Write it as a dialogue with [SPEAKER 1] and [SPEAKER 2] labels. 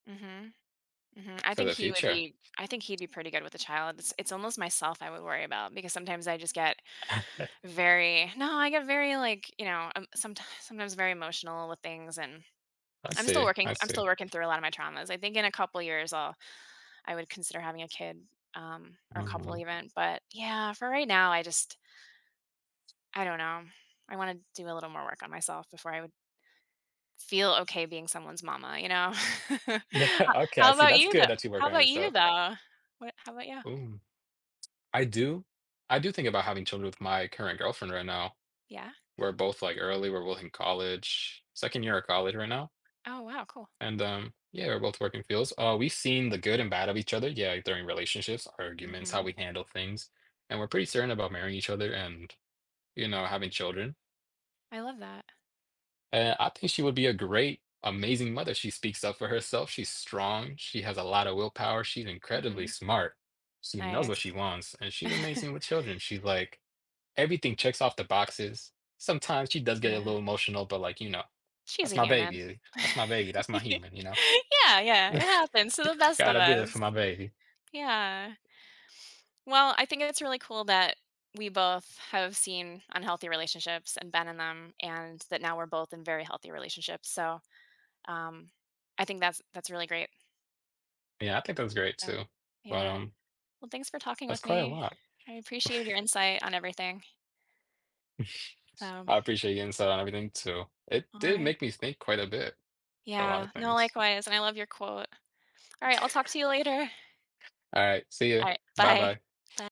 [SPEAKER 1] Mhm. Mhm, I
[SPEAKER 2] For
[SPEAKER 1] think
[SPEAKER 2] the
[SPEAKER 1] he would
[SPEAKER 2] future.
[SPEAKER 1] be I think he'd be pretty good with a child; it's it's almost myself I would worry about because sometimes I just get very no, I get very, like, you know, um, sometimes sometimes very emotional with things and
[SPEAKER 2] I
[SPEAKER 1] I'm still
[SPEAKER 2] see,
[SPEAKER 1] working
[SPEAKER 2] I
[SPEAKER 1] I'm
[SPEAKER 2] see.
[SPEAKER 1] still working through a lot of my traumas; I think in a couple of years, I'll I would consider having a kid, um, or a couple
[SPEAKER 2] Mhm.
[SPEAKER 1] even, but yeah, for right now, I just I don't know, I wanna do a little more work on myself before I would feel okay being someone's mama, you know? How
[SPEAKER 2] Yeah, okay, I
[SPEAKER 1] how
[SPEAKER 2] see,
[SPEAKER 1] about
[SPEAKER 2] that's
[SPEAKER 1] you though
[SPEAKER 2] good that you work
[SPEAKER 1] How
[SPEAKER 2] on
[SPEAKER 1] about you
[SPEAKER 2] yourself.
[SPEAKER 1] though? What how about you?
[SPEAKER 2] Boom. I do. I do think about having children with my current girlfriend right now.
[SPEAKER 1] Yeah?
[SPEAKER 2] We're both like early, we're both in college, 2nd year of college right now
[SPEAKER 1] Oh, wow, cool.
[SPEAKER 2] and, um, yeah, we're both work in fields, uh, we've seen the good and bad of each other, yeah, during relationships, arguments, how
[SPEAKER 1] Mhm.
[SPEAKER 2] we handle things, and we're pretty certain about marrying each other and, you know, having children.
[SPEAKER 1] I love that.
[SPEAKER 2] Eh, I think she would be a great, amazing mother; she speaks up for herself, she's strong, she has a lotta willpower, she's incredibly
[SPEAKER 1] Mhm.
[SPEAKER 2] smart. She knows what she
[SPEAKER 1] Nice.
[SPEAKER 2] wants, and she's amazing with children; she's like, everything checks off the boxes. Sometimes she does get a
[SPEAKER 1] Yeah.
[SPEAKER 2] little emotional, but like, you know,
[SPEAKER 1] She's a
[SPEAKER 2] that's my
[SPEAKER 1] human.
[SPEAKER 2] baby, that's my baby, that's my human, you know.
[SPEAKER 1] Yeah, yeah, it happens to the best of
[SPEAKER 2] Gotta be there for
[SPEAKER 1] us.
[SPEAKER 2] my baby.
[SPEAKER 1] Yeah. Well, I think it's really cool that we both have seen unhealthy relationships and been in them and that now we're both in very healthy relationships, so, um, I think that's that's really great.
[SPEAKER 2] Yeah, I think that's great
[SPEAKER 1] Oh,
[SPEAKER 2] too, but,
[SPEAKER 1] yeah.
[SPEAKER 2] um
[SPEAKER 1] Well, thanks for talking
[SPEAKER 2] That's
[SPEAKER 1] with
[SPEAKER 2] quite a
[SPEAKER 1] me.
[SPEAKER 2] lot.
[SPEAKER 1] I appreciate your insight on everything. So
[SPEAKER 2] I appreciate your insight on everything, too; it did
[SPEAKER 1] Alright.
[SPEAKER 2] make me think quite a bit. A lotta
[SPEAKER 1] Yeah, no,
[SPEAKER 2] things.
[SPEAKER 1] likewise, and I love your quote. Alright, I'll talk to you later.
[SPEAKER 2] Alright, see you,
[SPEAKER 1] Alright, bye.
[SPEAKER 2] bye-bye.
[SPEAKER 1] By